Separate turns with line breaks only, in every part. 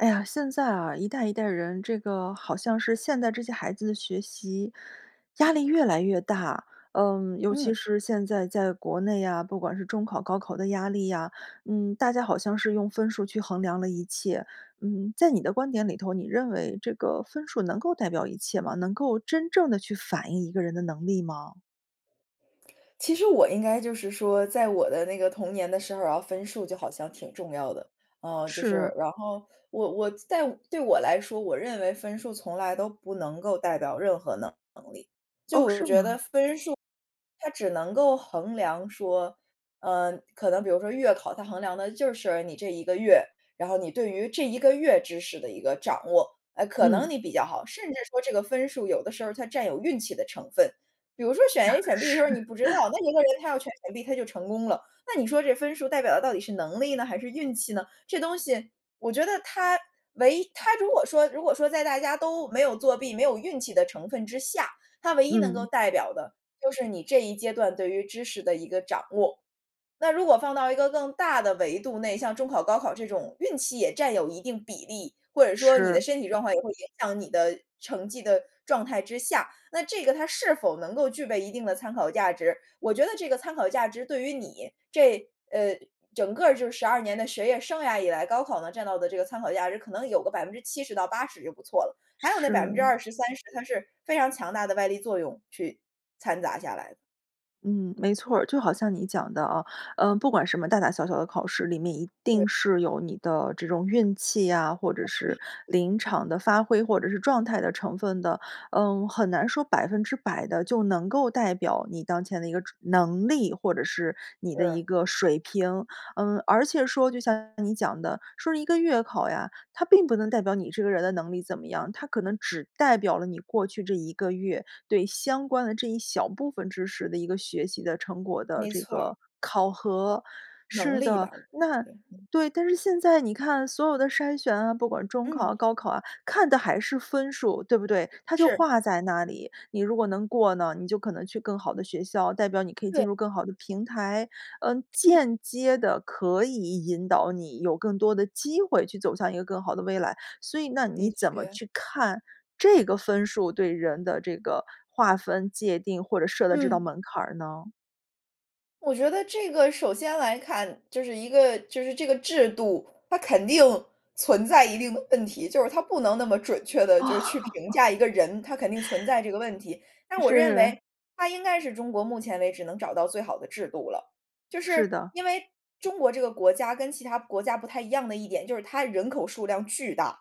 哎呀，现在啊，一代一代人，这个好像是现在这些孩子的学习压力越来越大，嗯，尤其
嗯。
是现在在国内啊，不管是中考、高考的压力啊，嗯，大家好像是用分数去衡量了一切。嗯，在你的观点里头，你认为这个分数能够代表一切吗？能够真正地去反映一个人的能力吗？
其实我应该就是说，在我的那个童年的生涯，分数就好像挺重要的。呃，就是，
是。
然后我我在对我来说，我认为分数从来都不能够代表任何能能力。就
哦，
我
是
觉得
吗？
分数，它只能够衡量说，呃，可能比如说月考，它衡量的就是你这1个月，然后你对于这1个月知识的一个掌握，呃，可能
嗯。
你比较好，甚至说这个分数有的时候它占有运气的成分。比如说选 A 选 B 的时
是。
候你不知道，那一个人，他要全选 B 他就成功了，那你说这分数代表的到底是能力呢还是运气呢？这东西，我觉得它，唯一它如果说如果说在大家都没有作弊没有运气的成分之下，它唯一能够
嗯。
代表的，就是你这一阶段对于知识的一个掌握。那如果放到一个更大的维度内，像中考、高考这种运气也占有一定比例，或者说你的
是。
身体状况也会影响你的成绩的状态之下，那这个它是否能够具备一定的参考价值，我觉得这个参考价值对于你，这呃整个就是12年的学业生涯以来，高考呢占到的这个参考价值可能有个70%-80%就不错了，还有那百分之
是。
二十三十，它是非常强大的外力作用去掺杂下来的。
嗯，没错儿，就好像你讲的啊，呃，不管什么大大小小的考试里面，一
对。
定是有你的这种运气呀，或者是 临场的发挥，或者是状态的成分的，嗯，很难说100%地就能够代表你当前的一个知能力，或者是你的一
是。
个水平。嗯，而且说就像你讲的，说是一个月考呀，它并不能代表你这个人的能力怎么样，它可能只代表了你过去这1个月，对相关的这一小部分知识的一个学习的成果的
没
这
错儿。
个考核。
能
是
力
的，
吧。对
那
对，嗯。
对，但是现在你看所有的筛选啊，不管中
嗯。
考、高考啊，看的还是分数。对不对？它就
是。
画在那里，你如果能过呢，你就可能去更好的学校，代表你可以
对。
进入更好的平台，嗯，间接地可以引导你，有更多的机会去走向一个更好的未来。所以那你
的
怎么
确。
去看，这个分数对人的这个划分界定或者设的这道
嗯。
门槛儿呢？
我觉得这个首先来看，就是一个就是这个制度，它肯定存在一定的问题，就是它不能那么准确
哦。
地就是去评 价一个人，它肯定存在这个问题。但是我认
是。
为它应该是中国目前为止能找到最好的制度了，就是
是的。
因为中国这个国家跟其它国家不太一样的一点，就是它人口数量巨大。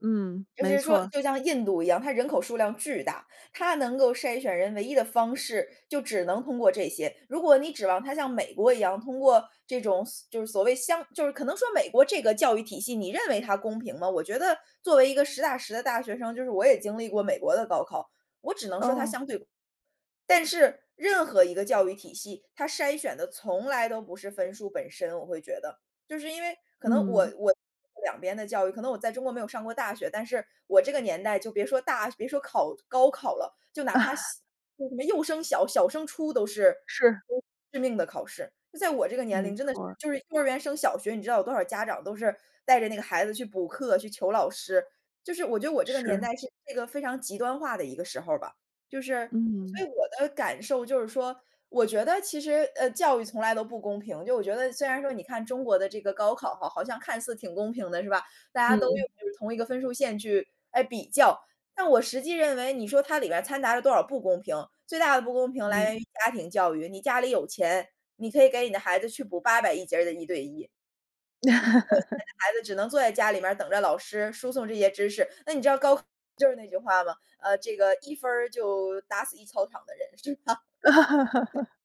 嗯，
就
没
是说，
错儿。
就像印度一样，它人口数量巨大，它能够筛选人唯一的方式，就只能通过这些。如果你指望它像美国一样，通过这种所就是所谓相就是可能说美国这个教育体系，你认为它公平吗？我觉得作为一个实打实的大学生，就是我也经历过美国的高考，我只能说它
哦。
相对但是，任何一个教育体系，它筛选的从来都不是分数本身我会觉得，就是因为可能我
嗯。
我 两边的教育，可能我在中国没有上过大学，但是，我这个年代就别说大学别说考高考了，就哪怕 小就什么幼升小、小升初都是
是。
致命的考试。就在我这个年
没
龄真的是，
错儿。
就是幼儿园升小学你知道有多少家长都是带着那个孩子去补课、去求老师，就是我觉得我这个年
是。
代是这个非常极端化的一个时候儿吧。就是所
嗯。
以我的感受就是说，我觉得其实，呃，教育从来都不公平，就我觉得虽然说你看中国的这个高考哈，好像看似挺公平的，是吧？大家都用
嗯。
就是同一个分数线去诶，比较，但我实际认为你说它里边掺杂了多少不公平，最大的不公平来
嗯。
源于家庭教育，你家里有钱，你可以给你的孩子去补8001节儿的一对一。没有钱 的孩子只能坐在家里面儿等着老师输送这些知识，那你知道高考就是那句话吗？呃，这个“1分儿就打死一操场的人。”是吗？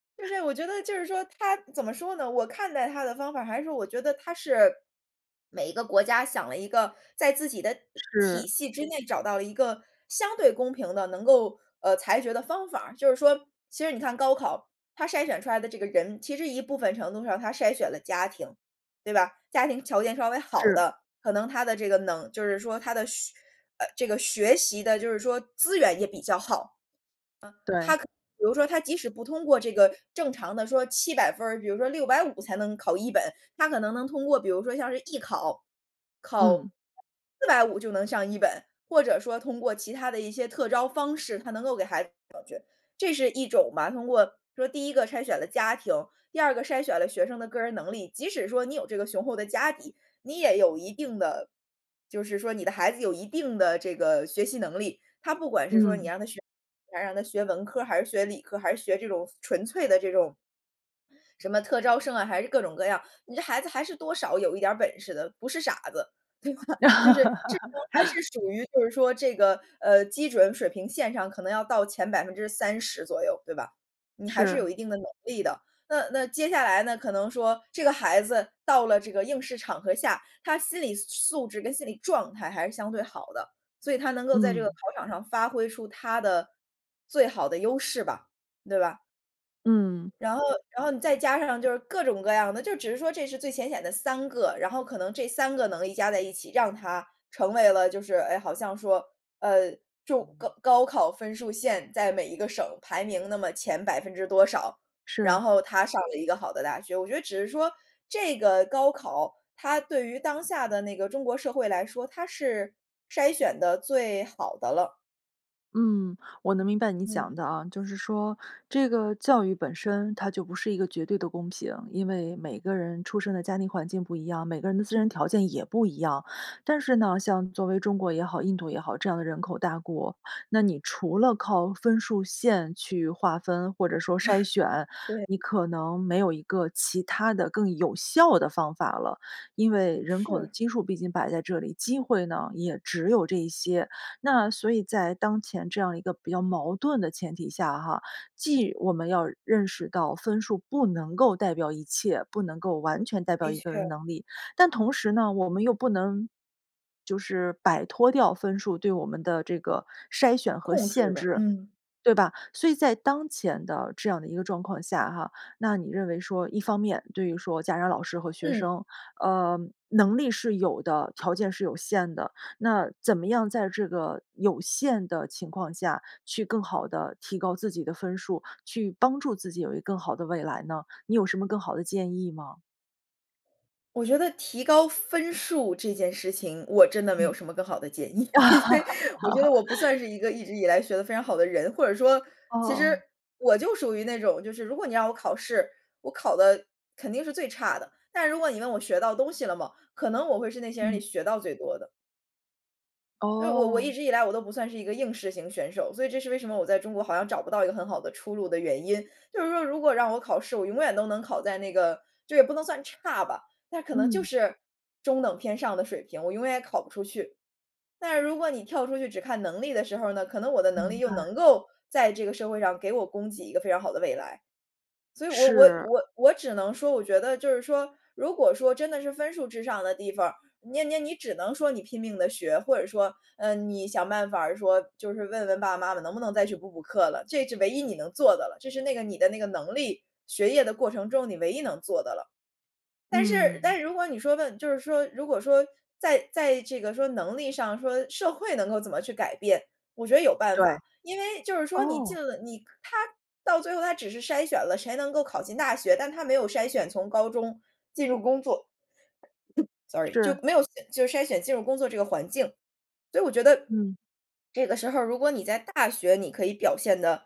对。就是我觉得就是说它，怎么说呢，我看待它的方法儿还是我觉得它是每一个国家想了一个，在自己的体
是。
系之内找到了一个相对公平地能够，呃，裁决的方法儿。就是说其实你看高考，它筛选出来的这个人，其实一部分程度上它筛选了家庭，对吧？家庭条件稍微好
是。
的，可能他的这个能就是说他的学呃，这个学习的就是说资源也比较好。啊，他可
对。
能，比如说他即使不通过这个正常的说700分儿，比如说650才能考一本，他可能能通过比如说像是艺考，考
嗯。
450就能上一本。或者说通过其他的一些特招方式，它能够给孩子弄上去，这是一种嘛，通过说第一个筛选了家庭。第二个筛选了学生的个人能力，即使说你有这个雄厚的家底，你也有一定的就是说你的孩子有一定的这个学习能力，他不管是说你
嗯。
让他学你想让他学文科儿还是学理科儿，还是学这种纯粹的这种什么特招生啊，还是各种各样，你这孩子还是多少有一点儿本事的，不是傻子，对吧？就是智商还是 属于就是说这个，呃，基准水平线上可能要到前30%左右，对吧？你还是有
是。
一定的能力的。那那接下来呢可能说，这个孩子到了这个应试场合下，他心理素素质跟心理状态还是相对好的，所以他能够在这个考
嗯。
场上发挥出他的，最好的优势吧，对吧？
嗯。
然后然后你再加上就是各种各样的，就只是说这是最浅显的3个，然后可能这3个能力加在一起，让他，成为了就是诶，好像说，呃，就高高考分数线在每一个省排名那么前百分之多少，然
是。
后他上了一个好的大学。我觉得只是说，这个高考，它对于当下的那个中国社会来说，它是筛选得最好的了。
嗯，我能明白你
嗯。
讲的啊，就是说，这个教育本身它就不是一个绝对的公平，因为每个人出生的家庭环境不一样，每个人的自身条件也不一样。但是呢，像作为中国也好，印度也好，这样的人口大国，那你除了靠分数线去划分，或者说筛选，
对。
你可能没有一个其它的更有效的方法了。因为人口的
是。
基数毕竟摆在这里，机会呢，也只有这一些。那所以在当前这样一个比较矛盾的前提下哈，既我们要认识到分数不能够代表一切，不能够完全代表
的
一个人的
确。
能力，但同时呢，我们又不能，就是摆脱掉分数，对我们的这个筛选和
控制
限
吧，
制，
嗯。
对吧。所以在当前的这样的一个状况下哈，那你认为说，一方面对于说家长老师和学
嗯。
生，呃，能力是有的，条件是有限的，那怎么样在这个有限的情况下去更好地提高自己的分数，去帮助自己有一更好的未来呢？你有什么更好的建议吗？
我觉得提高分数这件事情，我真的没有
嗯。
什么更好的建议，因为我觉得我不算是 一个一直以来学得非常好的人，或者说，其实
哦。
我就属于那种，就是如果你让我考试，我考得肯定是最差的，但如果你问我学到东西了吗？可能我会是那些人里
嗯。
学到最多的。因为我我一
哦。
直以来我都不算是一个应试型选手，所以这是为什么我在中国好像找不到一个很好的出路的原因。就是说如果让我考试，我永远都能考在那个就也不能算差吧，但可能就
嗯。
是中等偏上的水平，我永远也考不出去。但是如果你跳出去只看能力的时候呢，可能我的能力
明
又能
白。
够在这个社会上给我供给一个非常好的未来。所以我我
是。
我我只能说我觉得就是说，如果说真的是分数至上的地方儿，你你你只能说你拼命地学，或者说，呃，你想办法儿说，就是问问爸爸妈妈能不能再去补补课了，这是唯一你能做的了，这是那个你的那个能力，学业的过程中你唯一能做的了。但是但
嗯。
是如果你说问就是说，如果说在在这个说能力上，说社会能够怎么去改变，我觉得有办
对。
法，因为就是说你进
哦。
了，你它到最后它只是筛选了，谁能够考进大学，但它没有筛选从高中进入工作。Sorry，就
是。
没有就是筛选进入工作这个环境，所以我觉得，
嗯。
这个时候如果你在大学你可以表现得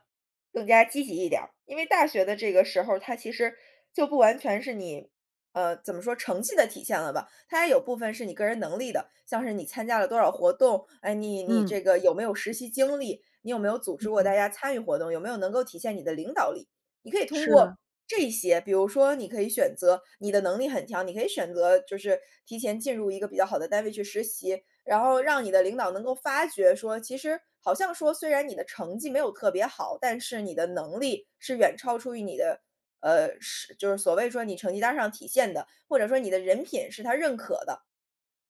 更加积极一点儿。因为大学的这个时候，它其实就不完全是你，呃，怎么说，成绩的体现了吧，它也有部分是你个人能力的，像是你参加了多少活动，哎，你你
嗯。
这个有没有实习经历，你有没有组织
嗯
过大
哼。
家参与活动，有没有能够体现你的领导力，你可以通
是
过
啊。
这些。比如说，你可以选择你的能力很强，你可以选择就是提前进入一个比较好的单位去实习，然后让你的领导能够发觉说，其实，好像说虽然你的成绩没有特别好，但是你的能力是远超出于你的，呃，是就是所谓说你成绩单儿上体现的，或者说你的人品是他认可的，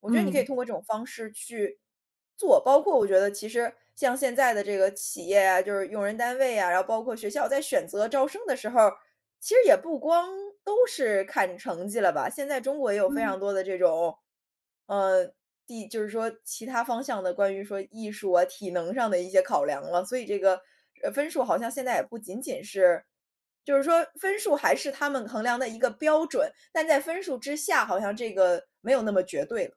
我觉得你可以
嗯。
通过这种方式去，做，包括我觉得其实像现在的这个企业啊，就是用人单位啊，然后包括学校在选择招生的时候儿，其实也不光都是看成绩了吧。现在中国也有非
嗯。
常多的这种，呃，地就是说其它方向的关于说艺术啊、体能上的一些考量了，所以这个，呃，分数好像现在也不仅仅是就是说分数还是他们衡量的一个标准，但在分数之下好像这个没有那么绝对了。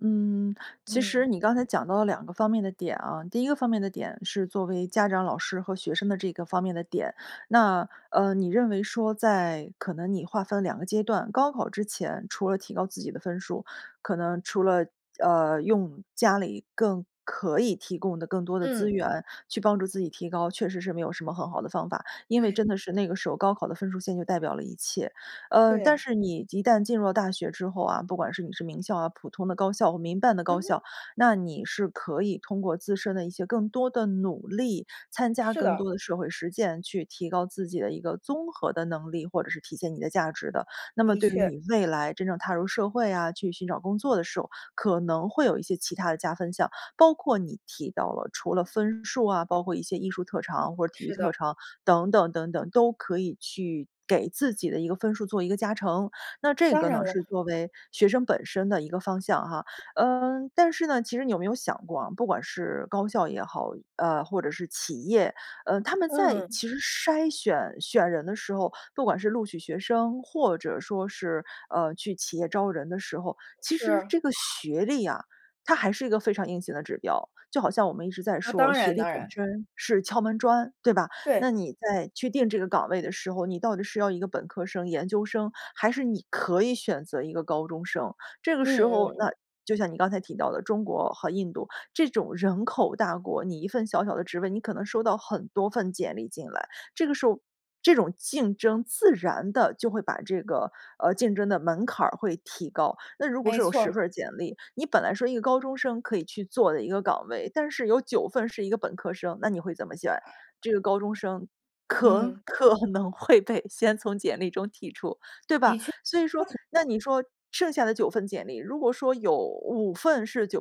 嗯，其实
嗯。
你刚才讲到了两个方面的点啊，第一个方面的点是作为家长老师和学生的这个方面的点。那，呃，你认为说在可能你划分了2个阶段，高考之前，除了提高自己的分数，可能除了，呃，用家里更可以提供的更多的资
嗯。
源去帮助自己提高，确实是没有什么很好的方法，因为
对。
真的是那个时候高考的分数线就代表了一切。呃，
对
但
呀。
是你一旦进入了大学之后啊，不管是你是名校啊，普通的高校或民办的高
嗯哼。
校，那你是可以通过自身的一些更多的努力，参加
是
更
的。
多的社会实践，去提高自己的一个综合的能力，或者是体现你的价值的。那么
的
对于
确。
你未来真正踏入社会啊，去寻找工作的时候，可能会有一些其它的加分项。包括你提到了除了分数啊，包括一些艺术特长或者体育
是
特
的。
长，等等等等，都可以去给自己的一个分数做一个加成，那这
当
个
然
呢
了。
是作为学生本身的一个方向哈。呃，但是呢，其实你有没有想过啊，不管是高校也好，呃，或者是企业，呃，他们在
嗯。
其实筛选、选人的时候，不管是录取学生或者说是，呃，去企业招人的时候，其实
是。
这个学历啊，它还是一个非常硬性的指标。就好像我们一直在
呃，
说
当
学
然
历
当
本
然。
身是敲门砖，对吧？
对。
那你在去定这个岗位的时候，你到底是要一个本科生、研究生，还是你可以选择一个高中生？这个
嗯
时
嗯
候，
嗯。
那就像你刚才提到的中国和印度，这种人口大国，你一份小小的职位，你可能收到很多份简历进来，这个时候，这种竞争自然地就会把这个，呃，竞争的门槛儿会提高。那如果
没
说有
错
10
儿。
份儿简历，你本来说一个高中生可以去做的一个岗位，但是有9份是一个本科生，那你会怎么选？这个高中生可
嗯。
可能会被先从简历中剔除，对
的
吧？
确。
所以说，那你说剩下的9份简历，如果说有5份是985、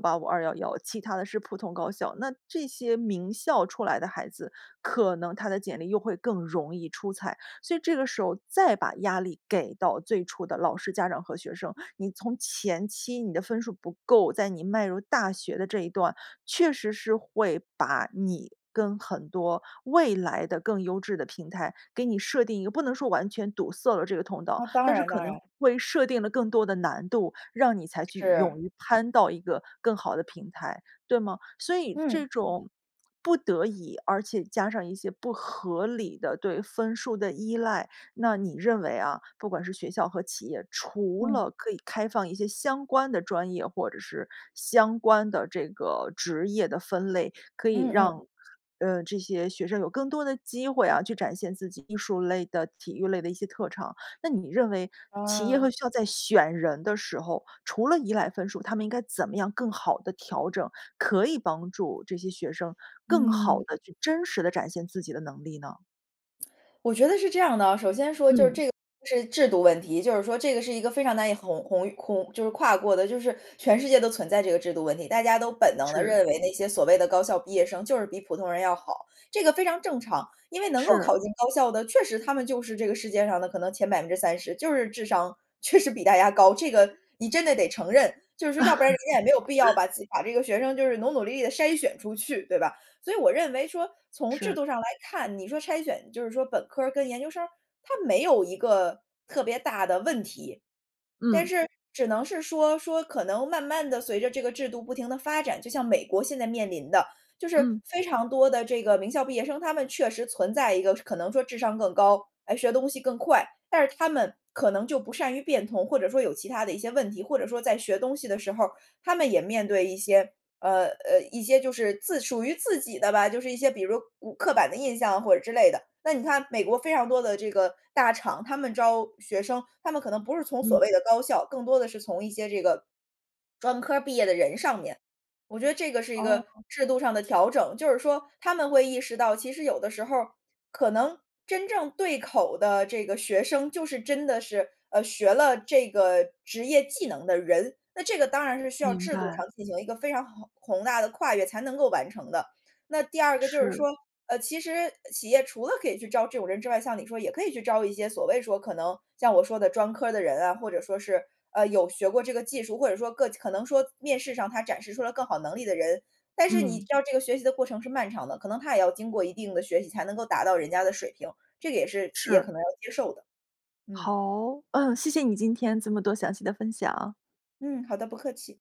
211，其他的是普通高校，那这些名校出来的孩子，可能他的简历又会更容易出彩。所以这个时候再把压力给到最初的老师、家长和学生，你从前期你的分数不够，在你迈入大学的这一段，确实是会把你跟很多未来的更优质的平台给你设定一个不能说完全堵塞了这个通道，
啊，当
但是
然
可
当
能
然。
会设定了更多的难度，让你才去
是。
勇于攀到一个更好的平台，对吗？所以
嗯。
这种不得已，而且加上一些不合理的对分数的依赖。那你认为啊，不管是学校和企业，除
嗯。
了可以开放一些相关的专业，或者是相关的这个职业的分类，可以
嗯嗯。
让，呃，这些学生有更多的机会啊，去展现自己艺术类的、体育类的一些特长。那你认为，企业
啊。
和学校在选人的时候，除了依赖分数，他们应该怎么样更好地调整，可以帮助这些学生更好
嗯。
地去真实地展现自己的能力呢？
我觉得是这样的啊，首先说就是
嗯。
这个是制度问题，就是说这个是一个非常难以鸿鸿越鸿就是跨过的就是全世界都存在这个制度问题。大家都本能地
是。
认为那些所谓的高校毕业生就是比普通人要好，这个非常正常，因为能够
是。
考进高校的确实他们就是这个世界上的可能，前30%就是智商，确实比大家高，这个你真的得承认，就是说要不然人家也没有必要 把自己把这个学生就是努努力地筛选出去，对吧？所以我认为说，从制度
是。
上来看，你说筛选就是说本科跟研究生，它没有一个特别大的问题。但
嗯。
是只能是说，说可能慢慢地随着这个制度不停地发展，就像美国现在面临的，就是
嗯。
非常多的这个名校毕业生，他们确实存在一个可能说智商更高，哎，学东西更快，但是他们可能就不善于变通，或者说有其它的一些问题。或者说在学东西的时候，他们也面对一些呃，呃，一些就是自属于自己的吧，就是一些比如古刻板的印象或者之类的。那你看美国非常多的这个大厂，他们招学生，他们可能不是从所
嗯。
谓的高校，更多的是从一些这个，专科儿毕业的人上面。我觉得这个是一个
哦。
制度上的调整，就是说他们会意识到其实有的时候，可能真正对口的这个学生就是真的是，呃，学了这个职业技能的人，那这个当然是需要
明
制度上
白。
进行一个非常宏宏大的跨越才能够完成的。那第二个就是说，
是。
呃，其实企业除了可以去招这种人之外，像你说也可以去招一些所谓说可能像我说的专科的人啊，或者说是，呃，有学过这个技术，或者说个可能说面试上他展示出了更好能力的人，但是你知
嗯。
道这个学习的过程是漫长的，可能他也要经过一定的学习才能够达到人家的水平，这个也是企业
是。
可能要接受的。嗯。
好，嗯，谢谢你今天这么多详细的分享。
嗯，好的，不客气。